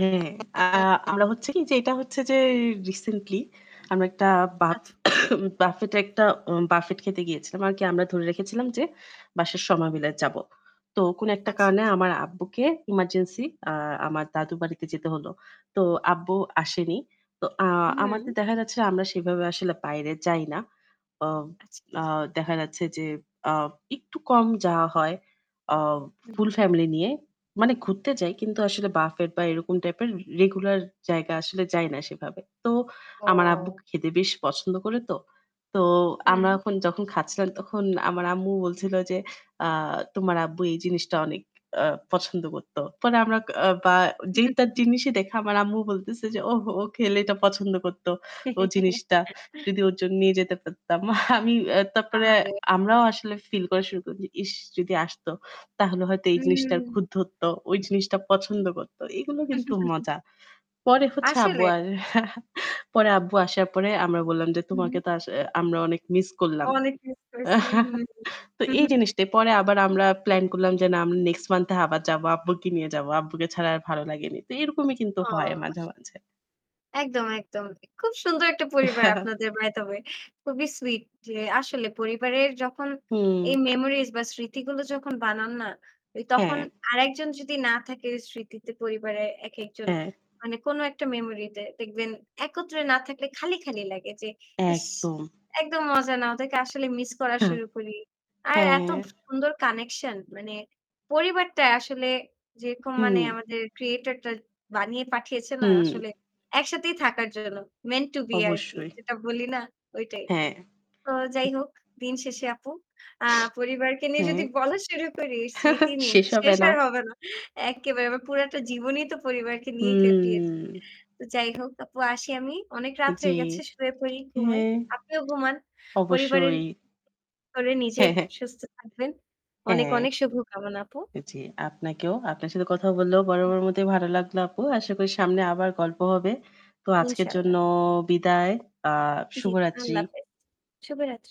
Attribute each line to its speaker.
Speaker 1: হু, হু আ আমরা হচ্ছে কি যে এটা হচ্ছে যে রিসেন্টলি আমরা একটা বাফে
Speaker 2: আচ্ছা।
Speaker 1: বাফেট এ একটা বাফেট খেতে গিয়েছিলাম। আর কি আমরা ধরে রেখেছিলাম যে বাসার সবায় মিলে যাবো। তো কোন একটা
Speaker 2: আচ্ছা,
Speaker 1: কারণে
Speaker 2: আচ্ছা।
Speaker 1: আমার আব্বুকে ইমার্জেন্সি আ আমার দাদুর বাড়িতে যেতে হল। তো আব্বু আসেনি। তো আ
Speaker 2: হুম।
Speaker 1: আমাদের দেখা যাচ্ছে আমরা সেভাবে আসলে বাইরে যাই না। ওহ
Speaker 2: আচ্ছা,
Speaker 1: আ
Speaker 2: আচ্ছা।
Speaker 1: দেখা যাচ্ছে যে আ একটু কম যাওয়া হয়। ও
Speaker 2: হুম।
Speaker 1: ফুল ফ্যামিলি নিয়ে মানে ঘুরতে যাই কিন্তু আসলে বাফেট বা এরকম টাইপের রে রেগুলার জায়গা আসলে যাই না সেভাবে। তো আমার আব্বু
Speaker 2: অ
Speaker 1: খেতে বেশ পছন্দ করে তো। তো
Speaker 2: হুম।
Speaker 1: আমরা এখন যখন খাচ্ছিলাম তখন আমার আম্মু বলছিল যে আ "তোমার আব্বু এই জিনিসটা আ অনেক আ পছন্দ করত।" পরে আমরা কা বা যে তার জিনিসই দেখা আমার আম্মু বলতেছে যে, "ওহ ও খেলে এটা পছন্দ করত। ও জিনিসটা যদি ওর জন্য নিয়ে যেতে পারতাম।" আমি এ তারপরে
Speaker 2: আহা রে।
Speaker 1: আমরাও আসলে ফিল করা শুরু করি যে ইশ যদি আসত তাহলে হয়তো এই জিনিসটার
Speaker 2: হুম।
Speaker 1: খুত ধরতো। ঐ জিনিসটা পছন্দ করত। এগুলো কিন্তু মজা। পরে হচ্ছে আব্বু
Speaker 2: আসলে।
Speaker 1: আর পরে আব্বু আসার পরে আমরা বললাম যে,
Speaker 2: হু,
Speaker 1: "তোমাকে
Speaker 2: হুম।
Speaker 1: তো আস আমরা অনেক মিস করলাম।"
Speaker 2: অনেক মিস করেছি। হুম, হু।
Speaker 1: তো
Speaker 2: হু,
Speaker 1: এই
Speaker 2: হু, হু।
Speaker 1: জিনিসটা পরে আবার আমরা প্ল্যান করলাম যে না আমরা নেক্সট মান্থ এ আবার যাবো। আব্বুকে নিয়ে যাবো। আব্বুরে ছাড়া আর ভালো লাগেনি। তো এরকমই কিন্তু
Speaker 2: ওহ
Speaker 1: হয় মাঝে,
Speaker 2: আস
Speaker 1: মাঝে।
Speaker 2: একদম, একদম। খুব সুন্দর একটা পরিবার আপনাদের বাই দ্যা ওয়ে। খুবই সুইট। যে আসলে পরিবারের যখন
Speaker 1: হুম।
Speaker 2: এই মেমোরিজ বা স্মৃতিগুলো যখন বানান না, ওই তখন
Speaker 1: হ্যাঁ।
Speaker 2: আরেকজন যদি না থাকে স্মৃতিতে পরিবারে একেকজন
Speaker 1: হ্যাঁ।
Speaker 2: মানে কোন একটা মেমোরি তে দেখবেন একত্রে না থাকলে খালি, খালি ইস
Speaker 1: একদম।
Speaker 2: একদম মজা না। ওদেরকে আসলে মিস করা
Speaker 1: হ্যাঁ,
Speaker 2: শুরু করি। আর এত
Speaker 1: হ্যাঁ।
Speaker 2: সু সুন্দর কানেকশন মানে পরিবারটা আসলে যেরকম মানে
Speaker 1: হুম।
Speaker 2: আমাদের ক্রিয়েটরটা বানিয়ে পাঠিয়েছে না
Speaker 1: হুম।
Speaker 2: আসলে একসাথেই থাকার জন্য। মেন্ট টু বি আরকি।
Speaker 1: অবশ্যই।
Speaker 2: যেটা বলি না ঐটাই।
Speaker 1: হ্যাঁ।
Speaker 2: তো যাই হোক দিন শেষে আপু। আ পরিবারকে নিয়ে
Speaker 1: হ্যাঁ।
Speaker 2: যদি বলা শুরু করি স্মৃতি নিই।
Speaker 1: শেষ হবে
Speaker 2: শেষ
Speaker 1: না।
Speaker 2: আর হবে না। একেবারে আমার পুরাটা জীবনেই তো পরিবারকে নিয়ে কাটিয়েছি।
Speaker 1: হুম।
Speaker 2: তো যাই হোক, আপু আসি আমি। অনেক রাত হয়ে
Speaker 1: জ্বি,
Speaker 2: গেছে। শুয়ে পড়ি, ঘুমাই।
Speaker 1: হ্যাঁ।
Speaker 2: আপনিও ঘুমান। পরিবারের
Speaker 1: অবশ্যই।
Speaker 2: করে নিজের
Speaker 1: হ্যাঁ, হ্যাঁ।
Speaker 2: সুস্থ থাকবেন। অনেক,
Speaker 1: হ্যাঁ।
Speaker 2: অনেক শুভকামনা আপু।
Speaker 1: জ্বী আপনাকেও। আপনার সাথে কথা বলেও বরাবরই
Speaker 2: উম
Speaker 1: বড় মতোই ভালো লাগলো আপু। আশা করি সামনে
Speaker 2: উ-জি।
Speaker 1: আবার গল্প হবে। তো আজকের জন্য
Speaker 2: ইনশাল্লাহ।
Speaker 1: বিদায়। আহ
Speaker 2: জ্বি,
Speaker 1: শুভরাত্রি।
Speaker 2: আল্লাহ হাফেজ। শুভরাত্রি।